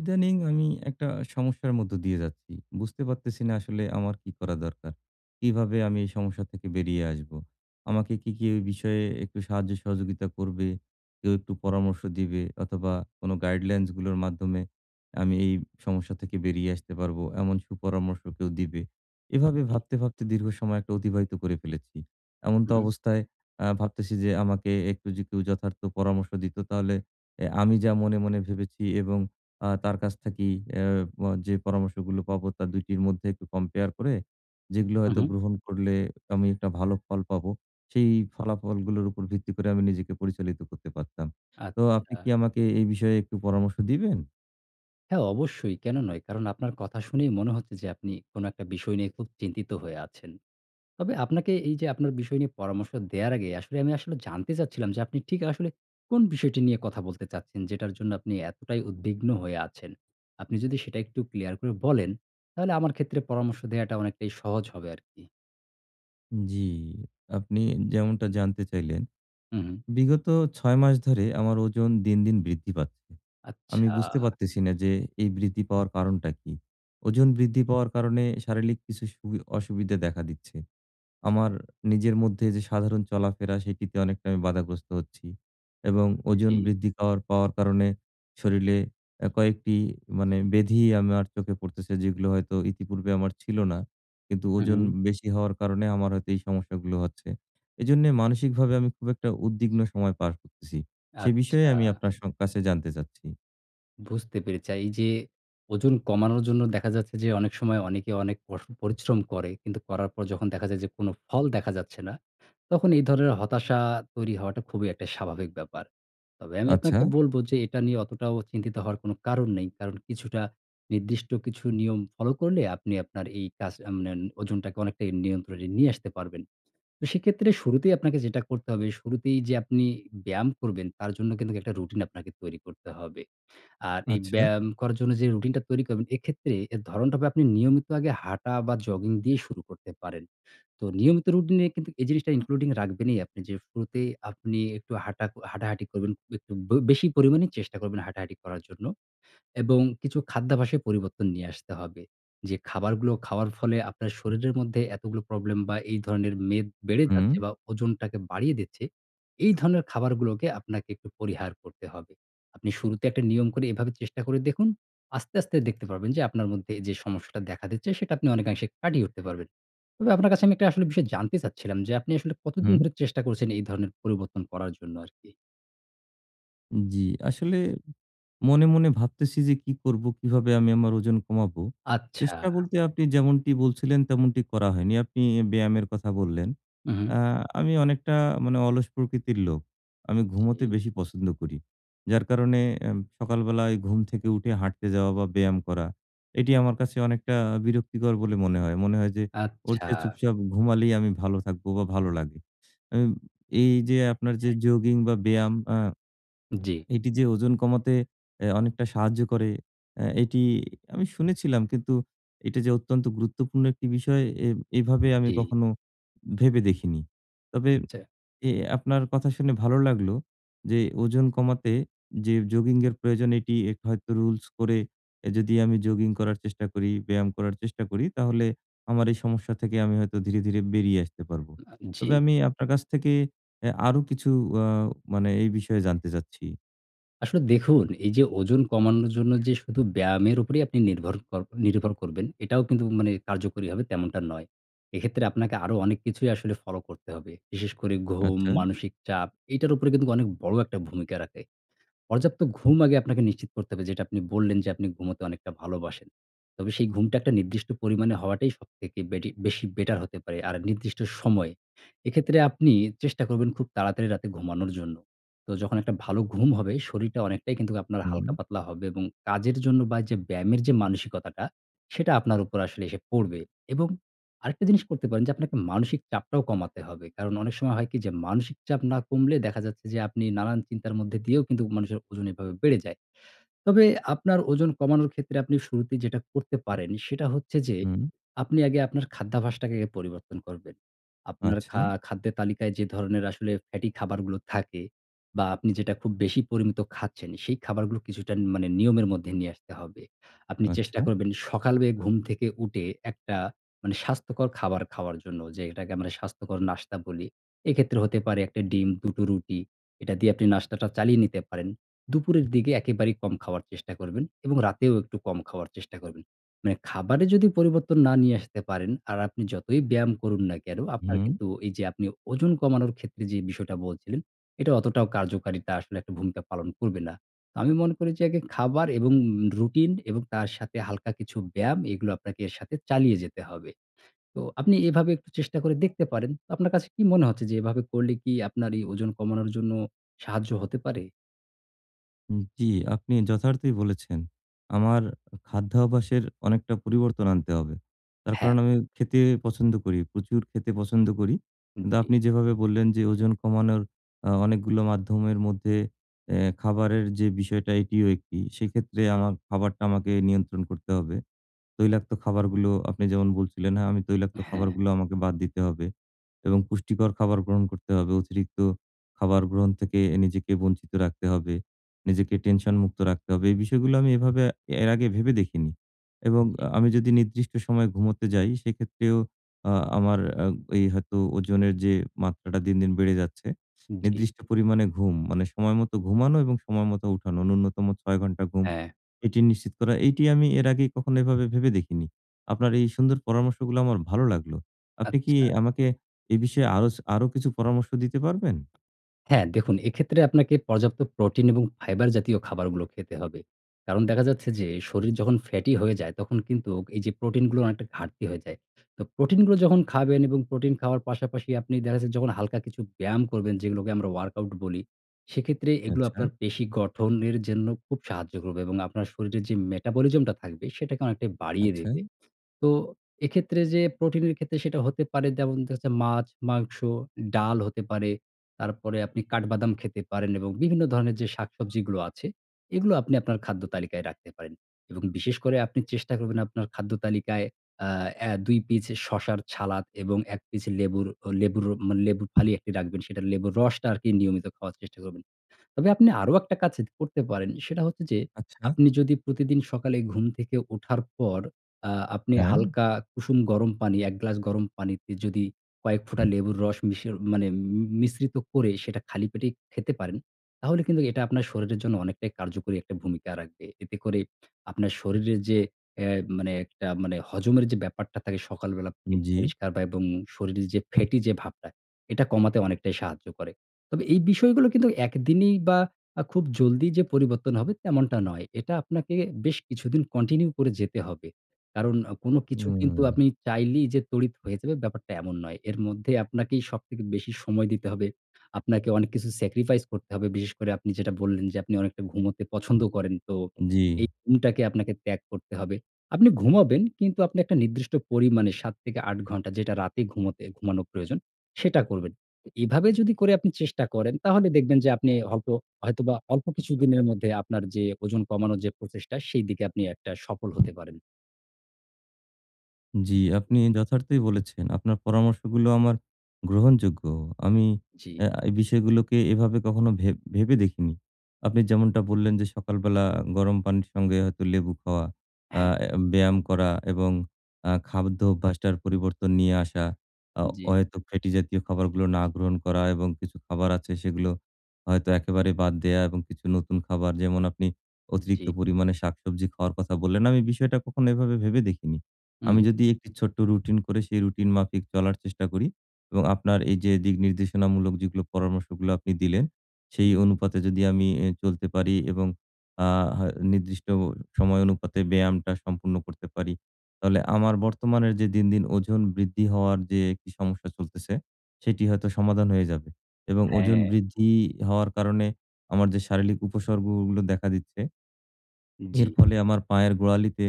ইদানিং আমি একটা সমস্যার মধ্য দিয়ে যাচ্ছি। বুঝতে পারতেছি না, আসলে আমার কি করা দরকার? কিভাবে আমি এই সমস্যা থেকে বেরিয়ে আসবো? আমাকে কি কেউ এই বিষয়ে একটু সাহায্য সহযোগিতা করবে? কেউ একটু পরামর্শ দিবে অথবা কোনো গাইডলাইনসগুলোর মাধ্যমে আমি এই সমস্যা থেকে বেরিয়ে আসতে পারবো! এমন সুপরামর্শ কেউ দিবে! এভাবে জি। ভাবতে, ভাবতে দীর্ঘ সময় একটা অতিবাহিত করে ফেলেছি। হুম, হুম। এমতাবস্থায়, আ ভাবতেছি যে, আমাকে একটু যে কেউ যথার্থ পরামর্শ দিত, তাহলে এ আমি যা মনে মনে ভেবেছি এবং আ তার কাছ থেকে অ্যা ব যে পরামর্শগুলো পাবো, তার ২ টির মধ্যে একটু কম্পেয়ার করে, যেগুলো উম, হয়তো হুম। গ্রহণ করলে আমি একটা ভালো ফল পাবো, সেই ফলাফলগুলোর উপর ভিত্তি করে আমি নিজেকে পরিচালিত করতে পারতাম। তো আপনি আচ্ছা। কি আমাকে এই বিষয়ে একটু পরামর্শ দিবেন? হ্যাঁ অবশ্যই, কেনো নয়? কারণ আপনার কথা শুনেই মনে হচ্ছে, যে আপনি কোনো একটা বিষয় নিয়ে খুব চিন্তিত হয়ে আছেন। তবে আপনাকে, এই যে আপনার বিষয় নিয়ে পরামর্শ দেয়ার আগে, আসলে আমি আসলে জানতে চাচ্ছিলাম যে, আপনি ঠিক আসলে কোন বিষয়টি নিয়ে কথা বলতে চাচ্ছেন? যেটার জন্য আপনি এতটাই উদ্বিগ্ন হয়ে আছেন। আপনি যদি সেটা একটু ক্লিয়ার করে বলেন, তাহলে আমার ক্ষেত্রে পরামর্শ দেয়াটা অনেকটাই সহজ হবে আরকি। জ্বি, আপনি যেমনটা জানতে চাইলেন। হু, হু। বিগত ৬ মাস ধরে আমার ওজন দিন, দিন বৃদ্ধি পাচ্ছে। আমি আচ্ছা। বুঝতে পারতেছি না যে, এই বৃদ্ধি পাওয়ার কারণটা কি? ওজন বৃদ্ধি পাওয়ার কারণে শারীরিক কিছু সু অসুবিধা দেখা দিচ্ছে। আমার নিজের মধ্যে যে সাধারণ চলাফেরা, সেটিতে অনেকটা আমি বাধাগ্রস্ত হচ্ছি। এবং ওজন জ্বি। বৃদ্ধি পাওয়ার পাওয়ার কারণে শরীরে আ কয়েকটি মানে ব্যাধি আমার চোখে পড়তেছে, যেগুলো হয়তো ইতিপূর্বে আমার ছিল না। কিন্তু হু, ওজন হু। বেশি হওয়ার কারণে আমার হয়তো এই সমস্যাগুলো হচ্ছে। এজন্যে মানসিকভাবে আমি খুব একটা উদ্বিগ্ন সময় পার করতেছি। সে বিষয়ে আচ্ছা। আমি আপনার স কাছে জানতে চাচ্ছি। বুঝতে পেরেছি আ এই যে ওজন কমানোর জন্য দেখা যাচ্ছে যে, অনেক সময় অনেকে অনেক পশ পরিশ্রম করে। কিন্তু করার পর যখন দেখা যায় যে কোনো ফল দেখা যাচ্ছে না, তখন এই ধরনের হতাশা তৈরি হওয়াটা খুবই একটা স্বাভাবিক ব্যাপার। তবে আমি আচ্ছা। আপনাকে বলব যে, এটা নিয়ে অতটাও চিন্তিত হওয়ার কোনো কারণ নেই। কারণ, কিছুটা নির্দিষ্ট কিছু নিয়ম ফলো করলে, আপনি আপনার এই কাজ মানে ওণ ওজনটাকে অনেকটাই নিয়ন্ত্রণে নিয়ে আসতে পারবেন। তো, সেক্ষেত্রে শুরুতেই আপনাকে যেটা করতে হবে, শুরুতেই যে আপনি ব্যায়াম করবেন, তার জন্য কিন্তুক একটা রুটিন আপনাকে তৈরি করতে হবে। আর এই আচ্ছা। ব্যায়াম করার জন্য যে রুটিন টা তৈরি করবেন, এক্ষেত্রে এর ধরণটা হবে আপনি নিয়মিত আগে হাঁটা বা জগিং দিয়ে শুরু করতে পারেন। তো নিয়মিত রুটিনে কিন্তু এই জিনিসটা উ including রাখবেনই আপনি যে শুরুতে আপনি একটু হাঁটা হাঁটাহাঁটি করবেন, একটু বে বেশি পরিমাণে চেষ্টা করবেন হাঁটাহাঁটি করার জন্য। এবং কিছু খাদ্যাভ্যাসে পরিবর্তন নিয়ে আসতে হবে। যে খাবারগুলো খাওয়ার ফলে আপনার শরীরের মধ্যে এতগুলো প্রবলেম বা এই ধরনের মেদ বেড়ে হুম। যাচ্ছে বা ওজনটাকে বাড়িয়ে দিচ্ছে, এই ধরনের খাবারগুলোকে আপনাকে একটু পরিহার করতে হবে। আপনি শুরুতে একটা নিয়ম করে এভাবে চেষ্টা করে দেখুন, আস্তে, আস্তে দেখতে পারবেন যে, আপনার মধ্যে এইযে সমস্যাটা দেখা দিচ্ছে, সেটা আপনি অনেকাংশে কাটিয়ে উঠতে পারবেন। তবে আপনার কাছে আমি একটা আসলে বিষয় জানতে চাচ্ছিলাম যে, আপনি আসলে কতদিন হুম। ধরে চেষ্টা করছেন এই ধরনের পরিবর্তন করার জন্য আরকি? জি, আসলে মনে, মনে ভাবতেছি যে কি করবো কিভাবে আমি আমার ওজন কমাবো। আচ্ছা। চেষ্টা বলতে আপনি যেমনটি বলছিলেন তেমনটি করা হয়নি। আপনি ব্যায়ামের কথা বললেন। হুম, হুম। আ আমি অনেকটা মানে অলস প্রকৃতির লোক। আমি ঘুমোতে জি। বেশি পছন্দ করি। যার কারণে এম সকালবেলায় ঘুম থেকে উঠে হাঁটতে যাওয়া বা ব্যায়াম করা এটি আমার কাছে অনেকটা বিরক্তিকর বলে মনে হয়। মনে হয় যে ওর আচ্ছা। চেয়ে চুপচাপ ঘুমালেই আমি ভালো থাকবো বা ভালো লাগে। আ এই যে আপনার যে জগিং বা ব্যায়াম আ জি। এটি যে ওজন কমাতে অ্যা অনেকটা সাহায্য করে অ্যা এটি আমি শুনেছিলাম কিন্তু এটা যে অত্যন্ত গুরুত্বপূর্ণ একটি বিষয় এ এভাবে আমি জি। কখনো ভেবে দেখিনি। তবে চা অ্যা আপনার কথা শুনে ভালো লাগলো যে ওজন কমাতে যে জগিং এর প্রয়োজন এটি একটি হয়তো রুলস করে অ্যা যদি আমি জগিং করার চেষ্টা করি, ব্যায়াম করার চেষ্টা করি তাহলে আমার এই সমস্যা থেকে আমি হয়তো ধীরে, ধীরে বেরিয়ে আসতে পারবো। না, তবে জি। আমি আপনার কাছ থেকে অ্যা আরো কিছু আ মানে এই বিষয়ে জানতে চাচ্ছি? আসলে দেখুন, এই যে ওজন কমানোর জন্য যে শুধু ব্যায়ামের উপরেই আপনি নির্ভর কর নির্ভর করবেন, এটাও কিন্তু মানে কার্যকরী হবে, তেমনটা নয়। এক্ষেত্রে আপনাকে আরো অনেক কিছুই আসলে ফলো করতে হবে। বিশেষ করে ঘুম, আচ্ছা। মানসিক চাপ, এইটার উপরে কিন্তুক অনেক বড় একটা ভূমিকা রাখে। পর্যাপ্ত ঘুম আগে আপনাকে নিশ্চিত করতে হবে। যেটা আপনি বললেন, যে আপনি ঘুমোতে অনেকটা ভালোবাসেন। তবে সেই ঘুমটা একটা নির্দিষ্ট পরিমাণে হওয়াটাই সবথেকে বেটি বেশি বেটার হতে পারে, আর নির্দিষ্ট সময়। এক্ষেত্রে আপনি, চেষ্টা করবেন খুব তাড়াতাড়ি রাতে ঘুমানোর জন্য। তো, যখন একটা ভালো ঘুম হবে, শরীরটা অনেকটাই কিন্তুক আপনার হালকা হুম। পাতলা হবে এবং কাজের জন্য বা এই যে ব্যায়ামের যে মানসিকতাটা, সেটা আপনার উপর আসলে এসে পড়বে এবং আরেকটা জিনিস করতে পারেন, যে আপনাকে মানসিক চাপটাও কমাতে হবে। কারণ অনেক সময় হয় কি, যে মানসিক চাপ না কমলে দেখা যাচ্ছে, যে আপনি নানান চিন্তার মধ্যে দিয়েও কিন্তু মানুষের ওজন এভাবে বেড়ে যায়। তবে আপনার ওজন কমানোর ক্ষেত্রে আপনি শুরুতেই যেটা করতে পারেন, সেটা হচ্ছে যে হুম। আপনি আগে আপনার খাদ্যাভাসটাকে পরিবর্তন করবেন। আপনার খা আচ্ছা। খাদ্যের তালিকায় যে ধরনের আসলে ফ্যাটি খাবারগুলো থাকে বা আপনি যেটা খুব বেশি পরিমিত খাচ্ছেন, সেই খাবারগুলো কিছুটা ন মানে নিয়মের মধ্যে নিয়ে আসতে হবে। আপনি চেষ্টা আচ্ছা। করবেন, সকালে ঘুম থেকে উঠে, একটা মানে স্বাস্থ্যকর খাবার খাওয়ার জন্য, যেটাকে আমরা স্বাস্থ্যকর নাস্তা বলি। এক্ষেত্রে হতে পারে ১ টা ডিম, ২ টো রুটি। এটা দিয়ে আপনি নাস্তাটা চালিয়ে নিতে পারেন। দুপুরের দিকে একেবারেই কম খাওয়ার চেষ্টা করবেন এবং রাতেও একটু কম খাওয়ার চেষ্টা করবেন। মানে খাবারে যদি পরিবর্তন না নিয়ে আসতে পারেন, আর আপনি যতই ব্যায়াম করুন না কেনো, আপনার হুম। কিন্তু এই যে আপনি ওজন কমানোর ক্ষেত্রে যে বিষয়টা বলছিলেন, এটা অতটাও কার্যকারিতা আসলে একটা ভূমিকা পালন করবে না। তো আমি মনে করি, যে আগে খাবার এবং রুটিন এবং তার সাথে হালকা কিছু ব্যায়াম, এগুলো আপনাকে এর সাথে চালিয়ে যেতে হবে। তো আপনি এভাবে একটু চেষ্টা করে দেখতে পারেন। আপনার কাছে কি মনে হচ্ছে, যে এভাবে করলে কি আপনার এই ওজন কমানোর জন্য সাহায্য হতে পারে? হুম, জি আপনি যথার্থই বলেছেন। আমার খাদ্যাভ্যাসের অনেকটা পরিবর্তন আনতে হবে। তার হ্যাঁ। কারণ, আমি খেতে পছন্দ করি। প্রচুর খেতে পছন্দ করি। হুম, কিন্তু জি। আপনি যেভাবে বললেন। যে ওজন কমানোর আ অনেকগুলো মাধ্যমের মধ্যে, এ খাবারের যে বিষয়টা, এটিও ১ টি। সেক্ষেত্রে, আমার খাবারটা আমাকে নিয়ন্ত্রণ করতে হবে। তৈলাক্ত খাবারগুলো, আপনি যেমন বলছিলেন, হ্যাঁ, আমি তৈলাক্ত হ্যাঁ। খাবারগুলো, আমাকে বাদ দিতে হবে এবং পুষ্টিকর খাবার গ্রহণ করতে হবে। অতিরিক্ত খাবার গ্রহণ থেকে, নিজেকে বঞ্চিত রাখতে হবে। নিজেকে টেনশন মুক্ত রাখতে হবে। এই বিষয়গুলো আমি এভাবে, এর আগে ভেবে দেখিনি এবং জি। আ আমি যদি নির্দিষ্ট সময়ে ঘুমোতে যাই, সেক্ষেত্রেও আ আমার এ হয়তো ওজনের যে মাত্রাটা, দিন, দিন বেড়ে যাচ্ছে। উম জি। নির্দিষ্ট পরিমাণে ঘুম, মানে সময় মতো ঘুমানো এবং সময়মতো উঠানো, নূন্যতম ৬ ঘন্টা ঘুম। হ্যাঁ। এটি নিশ্চিত করা। এটি আমি এর আগে কখনো এভাবে ভেবে দেখিনি। আপনার এই সুন্দর পরামর্শগুলো আমার ভালো লাগলো। আপনি কি আচ্ছা। আমাকে এ বিষয়ে আরো ছ আর কিছু পরামর্শ দিতে পারবেন? হ্যাঁ দেখুন, এক্ষেত্রে আপনাকে পর্যাপ্ত প্রোটিন এবং fiber জাতীয় খাবারগুলো খেতে হবে। কারণ দেখা যাচ্ছে, যে শরীর যখন ফ্যাটি হয়ে যায়, তখন কিন্তু, এই যে প্রোটিনগুলো অনেকটা ঘাটতি হয়ে যায়। তো প্রোটিনগুলো যখন খাবেন এবং প্রোটিন খাওয়ার পাশাপাশি, আপনি দেখা যাচ্ছে যখন হালকা কিছু ব্যায়াম করবেন, যেগুলোকে আমরা workout বলি, সেক্ষেত্রে এগুলো, আচ্ছা। আপনার পেশী গঠনের জন্য খুব সাহায্য করবে এবং আপনার শরীরের যে metabolism টা থাকবে, সেটাকে অনেকটাই বাড়িয়ে আচ্ছা। দেবে। তো এক্ষেত্রে, যে প্রোটিনের ক্ষেত্রে সেটা হতে পারে যেমন, দেখা যাচ্ছে, মাছ, মাংস, ডাল হতে পারে। তারপরে আপনি কাঠ বাদাম খেতে পারেন, এবং বিভিন্ন ধরনের যে শাক-সবজিগুলো আছে, এগুলো আপনি আপনার খাদ্য তালিকায় রাখতে পারেন এবং বিশেষ করে আপনি চেষ্টা করবেন, আপনার খাদ্য তালিকায় আ এ ২ পিস শসার সালাদ, এবং ১ পিস লেবুর লেবুর মানে, লেবুর ফালি রাখবেন। সেটা লেবুর রসটা আর কি, নিয়মিত খাওয়ার চেষ্টা করবেন। তবে আপনি আরও একটা কাজ করতে পারেন। সেটা হচ্ছে যে, আচ্ছা। আপনি যদি প্রতিদিন সকালে ঘুম থেকে উঠার পর, আ আপনি হ্যাঁ। হালকা কুসুম গরম পানি, ১ গ্লাস গরম পানিতে, যদি কয়েক ফোঁটা লেবুর রস মিশিয়ে মানে ম মিশ্রিত করে, সেটা খালি পেটেই খেতে পারেন, তাহলে কিন্তু, এটা আপনার শরীরের জন্য অনেকটাই কার্যকরী একটা ভূমিকা রাখবে। এতে করে আপনার শরীরের যে, এ মানে একটা মানে হজমের যে ব্যাপারটা থাকে সকাল বেলা, পেট জি। পরিষ্কার বা এবং শরীর যে ফ্যাটি যে ভাবটা, এটা কমাতে অনেকটাই সাহায্য করে। তবে এই বিষয়গুলো কিন্তু, ১ দিনেই বা আ খুব জলদি যে পরিবর্তন হবে, তেমনটা নয়। এটা আপনাকে বেশ কিছুদিন কন্টিনিউ করে যেতে হবে। কারণ আ কোন কিছু কিন্তু, হুম। আপনি চাইলেই যে তড়িৎ হয়ে যাবে, ব্যাপারটা এমন নয়। এর মধ্যে আপনাকেই সবথেকে বেশি সময় দিতে হবে। আপনাকে অনেক কিছু স্যাক্রিফাইস করতে হবে। বিশেষ করে আপনি যেটা বললেন, যে আপনি অনেকটা ঘুমুতে পছন্দ করেন। তো জি। এই ঘুমটাকে আপনাকে ত্যাগ করতে হবে। আপনি ঘুমাবেন, কিন্তু আপনি একটা নির্দিষ্ট পরিমাণে, ৭ থেকে ৮ ঘন্টা, যেটা রাতে ঘুমোতে ঘুমানোর প্রয়োজন, সেটা করবেন। এভাবে যদি করে আপনি চেষ্টা করেন, তাহলে দেখবেন যে, আপনি হয়তো হয়তোবা অল্প কিছুদিনের মধ্যে, আপনার যে ওজন কমানোর যে প্রচেষ্টা, সেই দিকে আপনি একটা সফল হতে পারেন। জি, আপনি যথার্থই বলেছেন। আপনার পরামর্শগুলো আমার গ্রহণযোগ্য। আমি আ জি। এই বিষয়গুলোকে এভাবে কখনো ভেব ভেবে দেখিনি। আপনি যেমনটা বললেন যে সকালবেলা গরম পানির সঙ্গে হয়তো লেবু খাওয়া, আ হ্যাঁ। অ্যা ব্যায়াম করা এবং আ খাদ্য অভ্যাসটার পরিবর্তন নিয়ে আসা, আ জি। অহেতুক ফ্যাটি জাতীয় খাবারগুলো না গ্রহণ করা এবং কিছু খাবার আছে সেগুলো হয়তো একেবারে বাদ দেয়া এবং কিছু নতুন খাবার যেমন আপনি জি। অতিরিক্ত পরিমাণে শাকসবজি খাওয়ার কথা বললেন, আমি বিষয়টা কখনো এভাবে ভেবে দেখিনি। হুম, আমি হুম। যদি একটি ছোট্ট রুটিন করে সেই রুটিন মাফিক চলার চেষ্টা করি এবং আপনার এই যে দিক নির্দেশনামূলক যেগুলো পরামর্শগুলা আপনি দিলেন সেই হুম। অনুপাতে যদি আমিই অ্যা চলতে পারি এবং আ হ নির্দিষ্ট সময় অনুপাতে ব্যায়ামটা সম্পূর্ণ করতে পারি। তাহলে আমার বর্তমানের যে দিন, দিন ওজন বৃদ্ধি হওয়ার যে একটি সমস্যা চলতেছে, সেটি হয়তো সমাধান হয়ে যাবে। এবং ওজন হ্যাঁ। বৃদ্ধি হওয়ার কারণে আমার যে শারীরিক উপসর্গগুলো দেখা দিচ্ছে এর জি। ফলে আমার পায়ের গোড়ালিতে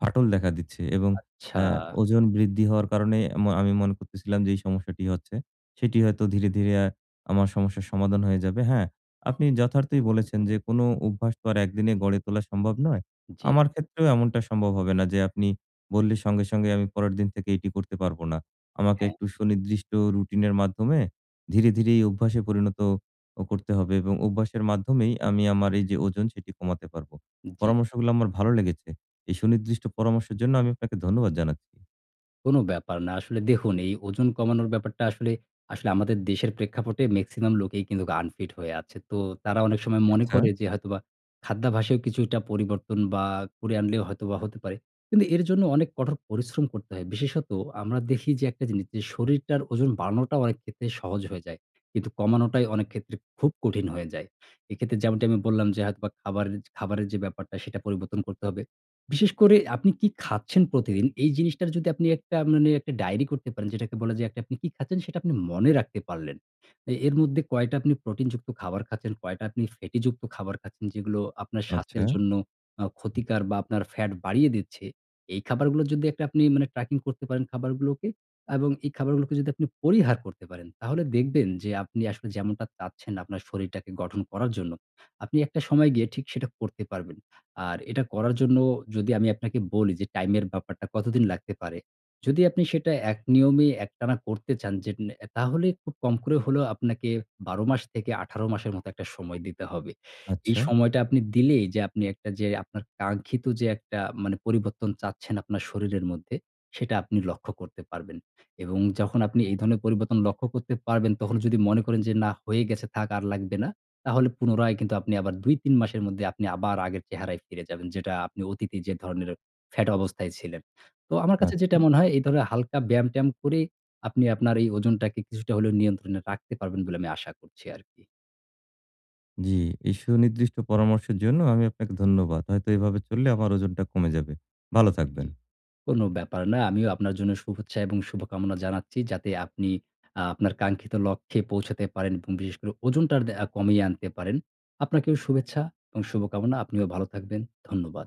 ফাটল দেখা দিচ্ছে এবং আচ্ছা। অ্যা ওজন বৃদ্ধি হওয়ার কারণে আমো আমি মনে করতেছিলাম যে, এই সমস্যাটি হচ্ছে সেটি হয়তো ধীরে, ধীরে আ আমার সমস্যার সমাধান হয়ে যাবে। হ্যাঁ, আপনি যথার্থই বলেছেন যে কোন অভ্যাস তো আর একদিনে গড়ে তোলা সম্ভব নয়। জি। আমার ক্ষেত্রেও এমনটা সম্ভব হবে না যে আপনি বললে সঙ্গে, সঙ্গে আমি পরের দিন থেকে এটি করতে পারব না। আমাকে হ্যাঁ। একটু সুনির্দিষ্ট রুটিনের মাধ্যমে ধীরে, ধীরে এই অভ্যাসে পরিণত অ করতে হবে এবং অভ্যাসের মাধ্যমেই আমি আমার এই যে ওজন সেটি কমাতে পারবো। জি। পরামর্শগুলো আমার ভালো লেগেছে। এই সুনির্দিষ্ট পরামর্শের জন্য আমি আপনাকে ধন্যবাদ জানাচ্ছি। কোন ব্যাপার না। আসলে দেখুন এই ওজন কমানোর ব্যাপারটা আসলে, আসলে আমাদের দেশের প্রেক্ষাপটে মেক্সিমাম লোকেই কিন্তু আনফিট হয়ে আছে। তো তারা অনেক সময় মনে করে আচ্ছা। যে, হয়তোবা খাদ্যাভাসও কিছুটা পরিবর্তন বা করে আনলেও হয়তো হতে পারে। কিন্তু এর জন্য অনেক কঠোর পরিশ্রম করতে হয়। বিশেষত আমরা দেখি যে, একটা জিনিস যে শরীরটার ওজন বাড়ানোটা অনেক ক্ষেত্রে সহজ হয়ে যায়। কিন্তু কমানোটাই অনেক ক্ষেত্রে খুব কঠিন হয়ে যায়। এক্ষেত্রে যেমনটি আমি বললাম যে হয়তোবা খাবার খাবারের যে ব্যাপারটা সেটা পরিবর্তন করতে হবে। বিশেষ করে আপনি কি খাচ্ছেন প্রতিদিন, এই জিনিসটার যদি আপনি একটা মানে একটা ডায়েরি করতে পারেন। যেটাকে বলা যায় আপনি কি খাচ্ছেন সেটা আপনি মনে রাখতে পারলেন। এ এর মধ্যে কয়টা আপনি প্রোটিন যুক্ত খাবার খাচ্ছেন, কয়টা আপনি ফ্যাটি যুক্ত খাবার খাচ্ছেন যেগুলো আপনার আচ্ছা। স্বাস্থ্যের জন্য অ্যা ক্ষতিকর। বা আপনার ফ্যাট বাড়িয়ে দিচ্ছে। এই খাবারগুলো যদি আপনি মানে ট্র্যাকিং করতে পারেন খাবারগুলোকে, এবং এই খাবারগুলোকে যদি আপনি পরিহার করতে পারেন। তাহলে দেখবেন যে, আপনি আসলে যেমনটা চাচ্ছেন আপনার শরীরটাকে গঠন করার জন্য। আপনি একটা সময় গিয়ে ঠিক সেটা করতে পারবেন। আর এটা করার জন্য যদি আমি আপনাকে বলি যে টাইমের ব্যাপারটা কতদিন লাগতে পারে। যদি আপনি সেটা এক নিয়মে একটানা করতে চান, যেট নে অ্যা তাহলে খুব কম করে হলেও আপনাকে ১২ মাস থেকে ১৮ মাসের মতো একটা সময় দিতে হবে। এই আচ্ছা। সময়টা আপনি দিলেই যে আপনি যে আপনার কাঙ্ক্ষিত যে একটা মানে, পরিবর্তন চাচ্ছেন আপনার শরীরের মধ্যে, সেটা আপনি লক্ষ্য করতে পারবেন। এবং যখন আপনি এই ধরনের পরিবর্তন লক্ষ্য করতে পারবেন, তখন যদি মনে করেন যে না হয়ে গেছে থাক আর লাগবে না। তাহলে পুনরায় কিন্তু আপনি আবার ২ ৩ মাসের মধ্যেই আপনি আবার আগের চেহারায় ফিরে যাবেন। যেটা আপনি অতীতে যে ধরনের ফ্যাট অবস্থায় ছিলেন। তো আমার কাছে যেটা আচ্ছা। মনে হয় এই ধরনের হালকা ব্যায়াম-ট্যায়াম করে আপনি আপনার এই ওজনটাকে কিছুটা হলেও নিয়ন্ত্রণে রাখতে পারবেন বলে আশা করছি আরকি। জি। এই সুনির্দিষ্ট পরামর্শের জন্য, আমি আপনাকে ধন্যবাদ। হয়তো এভাবে চললে আমার ওজনটা কমে যাবে। ভালো থাকবেন। [unintelligible] কোন ব্যাপার না। আমিও আপনার জন্য শুভেচ্ছা, এবং শুভকামনা জানাচ্ছি। যাতে আপনি আ আপনার কাঙ্ক্ষিত লক্ষ্যে পৌঁছাতে পারেন, এবং বিশেষ করে ওজনটা দে কমিয়ে আনতে পারেন। আপনাকেও শুভেচ্ছা এবং শুভকামনা। আপনিও ভালো থাকবেন। ধন্যবাদ।